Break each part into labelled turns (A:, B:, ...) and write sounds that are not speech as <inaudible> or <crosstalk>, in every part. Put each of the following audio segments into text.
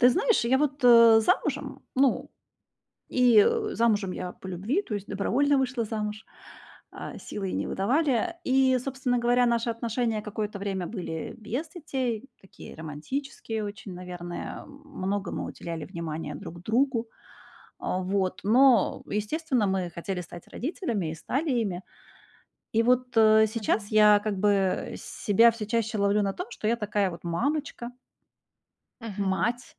A: Ты знаешь, я вот, э, замужем, ну, и, э, замужем я по любви, то есть добровольно вышла замуж, а силой не выдавали. И, собственно говоря, наши отношения какое-то время были без детей, такие романтические очень, наверное. Многому уделяли внимания друг другу. А вот, но, естественно, мы хотели стать родителями и стали ими. И вот, э, сейчас
B: Мгм.
A: я как бы себя всё чаще ловлю на том, что я такая вот мамочка.
B: Мгм.
A: Мать.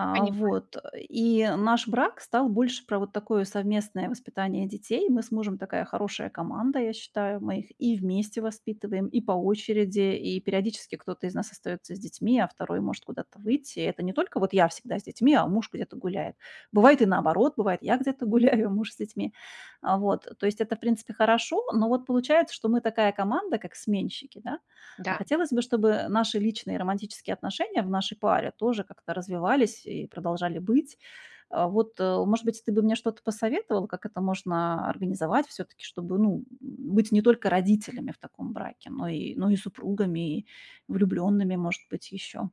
A: А
B: Понимаю.
A: вот, э, и наш брак стал больше про вот такое совместное воспитание детей. Мы с мужем такая хорошая команда, я считаю. Мы их и вместе воспитываем, и по очереди, и периодически кто-то из нас остаётся с детьми, а 2 может куда-то выйти. И это не только вот я всегда с детьми, а муж где-то гуляет. Бывает и наоборот, бывает я где-то гуляю, а муж с детьми. А, вот, э, то есть это, в принципе, хорошо, но вот получается, что мы такая команда, как сменщики, да. А
B: Да.
A: хотелось бы, чтобы наши личные и романтические отношения в нашей паре тоже как-то развивались и продолжали быть. Э, вот, э, может быть, ты бы мне что-то посоветовал, как это можно организовать всё-таки, чтобы быть, ну, м, быть не только родителями в таком браке, но и но и супругами, и влюблёнными, может быть, ещё.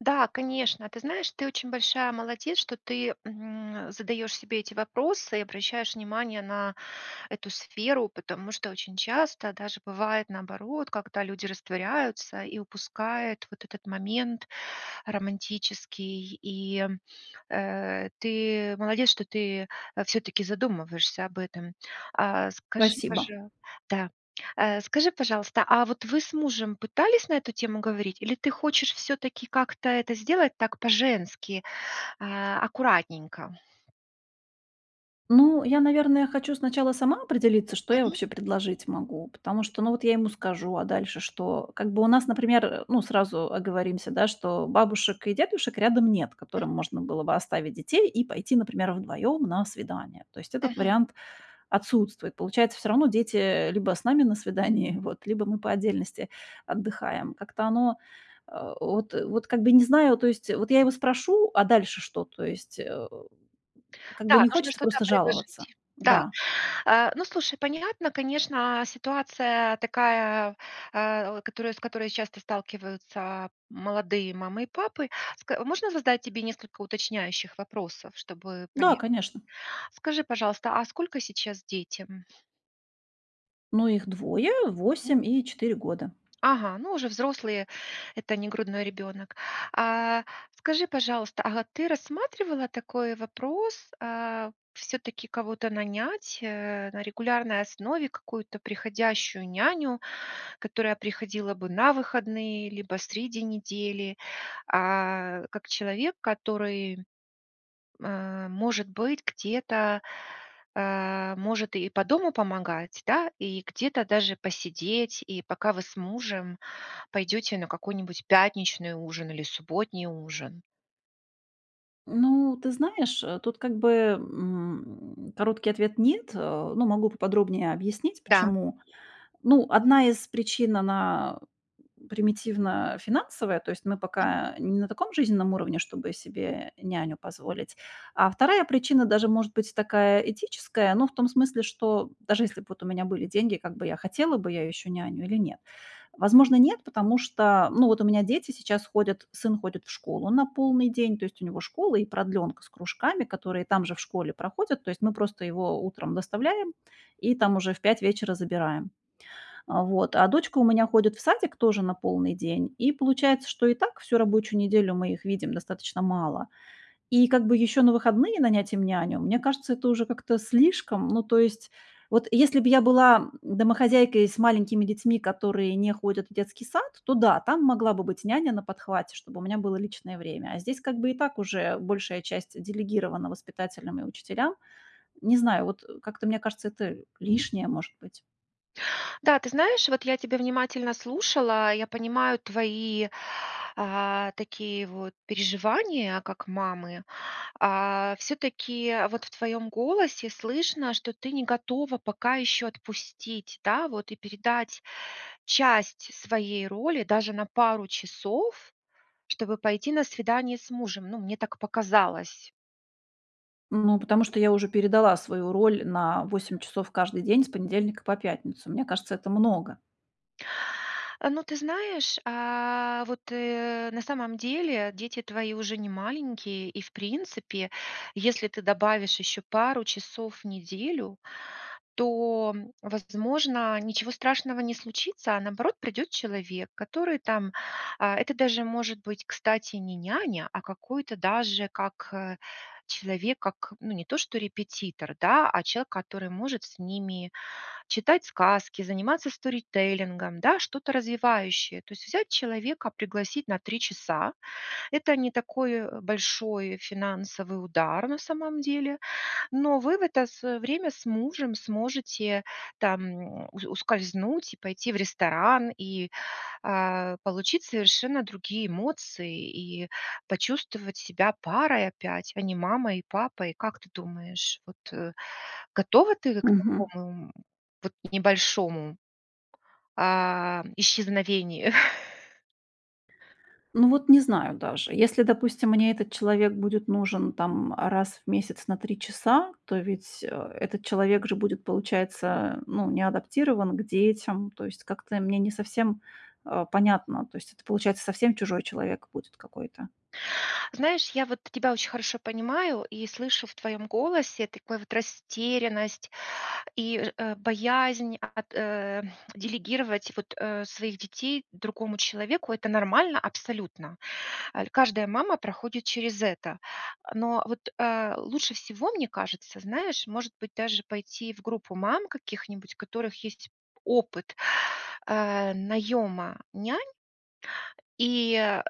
B: Да, конечно, ты знаешь, ты очень большая молодец, что ты, м, задаешь себе эти вопросы и обращаешь внимание на эту сферу, потому что очень часто даже бывает наоборот, когда люди растворяются и упускают вот этот момент романтический, и, м, э, ты молодец, что ты, э, всё-таки задумываешься об этом. А скажи,
A: Спасибо.
B: пожа Да, а скажи, пожалуйста, а вот вы с мужем пытались на эту тему говорить, или ты хочешь всё-таки, как-то это сделать, так по-женски, а, аккуратненько?
A: Ну, я, наверное, хочу сначала сама определиться, что я
B: Мгм.
A: вообще предложить могу, потому что, ну, вот я ему скажу, а дальше что? Как бы у нас, например, э, ну, сразу оговоримся, да, что бабушек и дедушек рядом нет,
B: М.
A: которым можно было бы оставить детей и пойти, например, вдвоём на свидание. То есть этот
B: Мгм.
A: вариант отсутствует. Получается, всё равно дети, э, либо с нами на свидании вот, либо мы по отдельности отдыхаем. Как-то оно, э, вот, э, вот как бы и не знаю. То есть, э, вот я его спрошу, а дальше что? То есть, э, как бы,
B: Да,
A: не
B: нужно
A: хочется
B: что-то, а,
A: просто жаловаться.
B: предложить, да.
A: Да.
B: Э, ну, слушай, понятно, конечно, ситуация такая, э, о, которой, с которой часто сталкиваются молодые мамы и папы. Ска можно задать тебе несколько уточняющих вопросов, чтобы
A: Да,
B: понять?
A: конечно.
B: Скажи, пожалуйста, а сколько сейчас детям?
A: Но их двое,
B: Мгм.
A: 8 и 4 года.
B: Ага, ну, уже взрослые, это не грудной ребёнок. А скажи, пожалуйста, ага, ты рассматривала такой вопрос, а всё-таки кого-то нанять, э, на регулярной основе какую-то приходящую няню, которая приходила бы на выходные либо среди недели, а, как человек, который, э, может быть, где-то, э, может и по дому помогать, да, и где-то даже посидеть, и пока вы с мужем пойдёте на какой-нибудь пятничный ужин или субботний ужин?
A: Ну, ты знаешь, э, тут как бы, м, короткий ответ нет. Э, ну, могу поподробнее объяснить
B: Да.
A: почему. Ну, одна из причин, она примитивно финансовая, то есть мы
B: Мгм.
A: пока не на таком жизненном уровне, чтобы себе няню позволить. А 1 причина даже, может быть, такая этическая, ну, в том смысле, что даже если б вот у меня были деньги, как бы я хотела бы я ещё няню или нет? Возможно, нет, потому что, ну, вот у меня дети сейчас ходят, сын ходит в школу на полный день. То есть у него школа и продлёнка с кружками, которые там же в школе проходят. То есть мы просто его утром доставляем и там уже в 5 вечера забираем. Вот, а дочка у меня ходит в садик тоже на полный день. И получается, что и так всю рабочую неделю мы их видим достаточно мало. И как бы ещё на выходные нанять им няню, мне кажется, это уже как-то слишком. Ну, то есть, вот если бы я была, м, домохозяйкой и с маленькими детьми, которые не ходят в детский сад, то да, там могла бы быть няня на подхвате, чтобы у меня было личное время. А здесь, как бы, и так уже большая часть, э, делегирована воспитателям и учителям. Не знаю, вот, э, как-то мне кажется, это лишнее, может быть.
B: Да, ты знаешь, вот я тебя внимательно слушала, и я понимаю твои, э, такие вот переживания, как мамы. А всё-таки вот в твоём голосе слышно, что ты не готова пока ещё отпустить, да, вот и передать часть своей роли даже на пару часов, чтобы пойти на свидание с мужем. Ну, мне так показалось.
A: Ну, потому что я уже передала свою роль на 8 часов каждый день с понедельника по пятницу. Мне кажется, это много.
B: А, ну, ты знаешь, а вот, э, на самом деле дети твои уже не маленькие, и, в принципе, если ты добавишь еще пару часов в неделю, то, возможно, ничего страшного не случится, а наоборот, придет человек, который там, а, это даже может быть, кстати, не няня, а какой-то даже как, э, человек, как, ну, не то что репетитор, да, а человек, который может с ними читать сказки, заниматься сторителлингом, да, что-то развивающее. То есть взять человека, пригласить на 3 часа. Это не такой, э, большой финансовый удар на самом деле. Но вы в это с время с мужем сможете там ус ускользнуть и пойти в ресторан, и, а, получить совершенно другие эмоции, и почувствовать себя парой опять, а не мамой и папой. Как ты думаешь, вот готова ты к
A: Мгм.
B: такому, м, вот небольшому, а, исчезновению? <chuckles>
A: Ну, вот не знаю даже. Если, допустим, мне этот человек будет нужен там раз в месяц на 3 часа, то ведь, э, этот человек же будет, получается, ну, не адаптирован к детям. То есть как-то мне не совсем, а, понятно. То есть это, получается, совсем чужой человек будет какой-то.
B: Знаешь, я вот тебя очень хорошо понимаю и слышу в твоем голосе такой вот растерянность и ж боязнь ат э <tsk> делегировать вот, э, своих детей другому человеку. Это нормально абсолютно. Ль каждая мама проходит через это. Но вот, э, лучше всего, мне кажется, знаешь, может быть, даже пойти в группу мам каких-нибудь, у которых есть опыт, а, наёма нянь, и, э,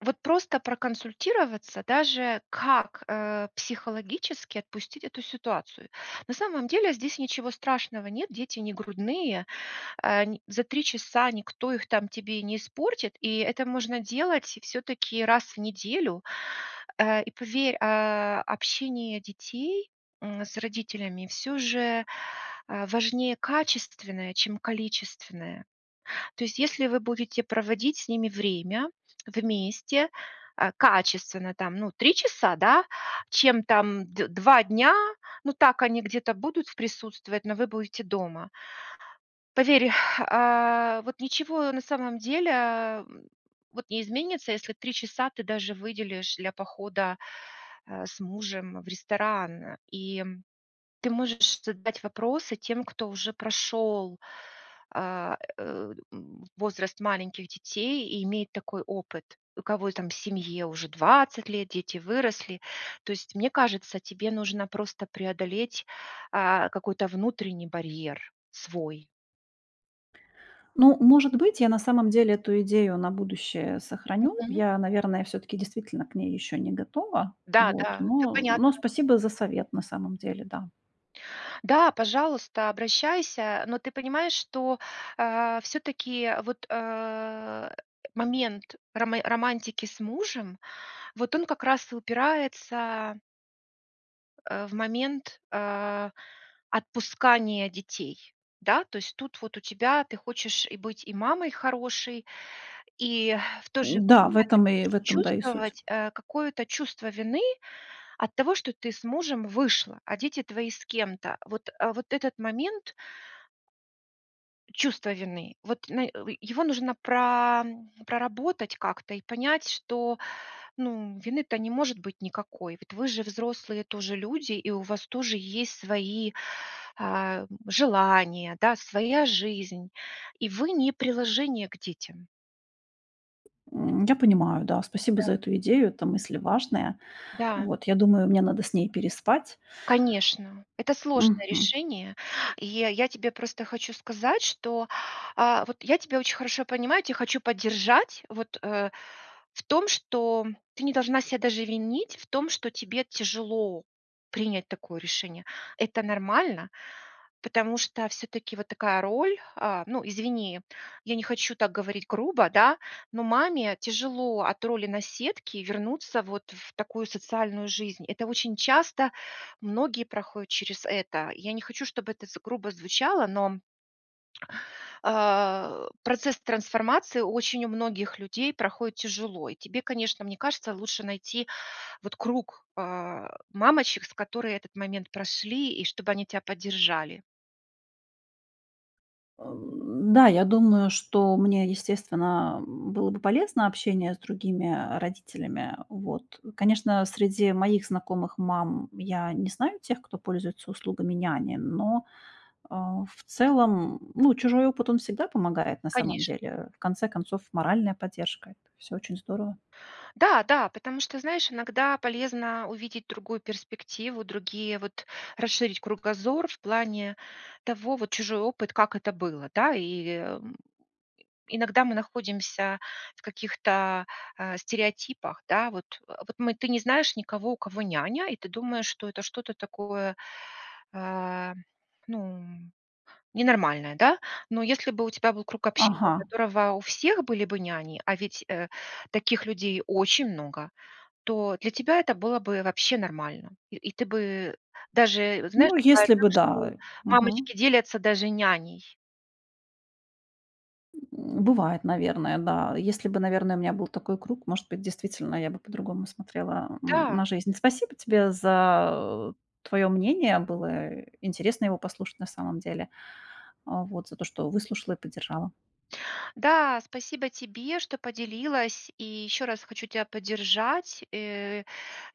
B: вот просто проконсультироваться, даже как, а, психологически отпустить эту ситуацию. На самом деле здесь ничего страшного нет, дети не грудные, ань за 3 часа никто их там тебе не испортит, и это можно делать всё-таки раз в неделю. А, и поверь, а, общение детей, м, с родителями всё же, а, важнее качественное, чем количественное. То есть, если вы будете проводить с ними время вместе, а, качественно, там, ну, 3 часа, да, чем там дв 2 дня, ну так они где-то будут в присутствовать, но вы будете дома. Поверь, а, вот ничего на самом деле, м, вот не изменится, если 3 часа ты даже выделишь для похода, а, с мужем в ресторан. И ты можешь задать вопросы тем, кто уже прошёл, а, э, м, возраст маленьких детей и имеет такой опыт. У кого и там семье уже 20 лет, дети выросли. То есть, мне кажется, тебе нужно просто преодолеть, а, какой-то внутренний барьер свой.
A: Ну, может быть, я на самом деле эту идею на будущее сохраню.
B: Мгм.
A: Я, наверное, всё-таки действительно к ней ещё не готова. Вот,
B: Да-да, это
A: но но
B: понятно.
A: спасибо за совет, на самом деле, да.
B: Да, пожалуйста, обращайся. Но ты понимаешь, что, а, всё-таки, вот, э, момент роме романтики с мужем, вот он как раз и упирается Э, в момент, а, отпускания детей. Да, то есть тут вот у тебя ты хочешь и быть и мамой хорошей, и в то же
A: Н-да, в
B: время ты
A: этом и в
B: будешь
A: этом, да, и суть.
B: чувствовать, э, какое-то чувство вины от того, что ты с мужем вышла, а дети твои с кем-то. Вот, а вот этот момент чувства вины, вот на, э, его нужно прам проработать как-то и понять, что, ну, вины-то не может быть никакой. Ведь вы же взрослые тоже люди, и у вас тоже есть свои, а, м, желания, да, своя жизнь, и вы не приложение к детям.
A: М, я понимаю, да, спасибо за
B: Да.
A: эту идею. Эта мысль важная.
B: Да.
A: Вот, я думаю, мне надо с ней переспать.
B: Конечно, это сложное
A: Мгм.
B: решение, и я тебе просто хочу сказать, что, а вот я тебя очень хорошо понимаю. Я тя хочу поддержать, вот, э, в том, что ты не должна ся даже винить в том, что тебе тяжело принять такое решение. Это нормально, потому что всё-таки вот такая роль, а, ну, извини, я не хочу так говорить грубо, да, но маме тяжело от роли наседки вернуться вот в такую социальную жизнь. Это очень часто, многие проходят через это. Я не хочу, чтобы это з грубо звучало, но а, э, процесс трансформации очень у многих людей проходит тяжело. И тебе, конечно, мне кажется, лучше найти вот круг, э, мамочек, с которые этот момент прошли, и чтобы они тя поддержали.
A: Э, да, я думаю, что мне, естественно, было бы полезно общение с другими, э, родителями, э, вот. Конечно, среди моих знакомых мам я не знаю тех, кто пользуется услугами няни, но, э, в целом, ну, чужой опыт, он всегда помогает на самом
B: Конечно.
A: деле. В конце концов, моральная поддержка. Это всё очень здорово.
B: Да да, потому что, знаешь, иногда полезно увидеть другую перспективу, другие вот расширить кругозор в плане того, вот чужой опыт, как это было, да. И, м, иногда мы находимся в каких-то, а, стереотипах, да вот. Э, вот мы ты не знаешь никого, у кого няня, и ты думаешь, что это что-то такое, э, ну, м, ненормальное, да. Но если бы у тебя был круг общения, у
A: Ага.
B: которого у всех были бы няни, а ведь, э, таких людей очень много, то для тебя это было бы вообще нормально. И и ты бы даже вот, знаешь,
A: Ну,
B: бывает
A: если
B: так,
A: бы
B: что
A: да, э. Мгм.
B: мамочки делятся даже няней.
A: М, бывает, наверное, да. Если бы, наверное, у меня был такой круг, может быть, действительно, я бы по-другому смотрела, м,
B: Да.
A: на жизнь. Спасибо тебе за твоё мнение. Было интересно его послушать на самом деле. А, вот, за то, что выслушала и поддержала.
B: Да, спасибо тебе, что поделилась, и еще раз хочу тя поддержать, э,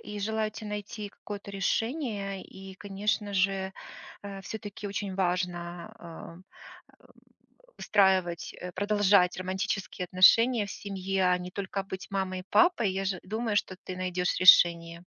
B: и желаю те найти какое-то решение. И, конечно же, э, всё-таки очень важно, э, <grunts> устраивать, э, продолжать романтические отношения в семье, а не только быть мамой и папой. Я же думаю, что ты найдёшь решение.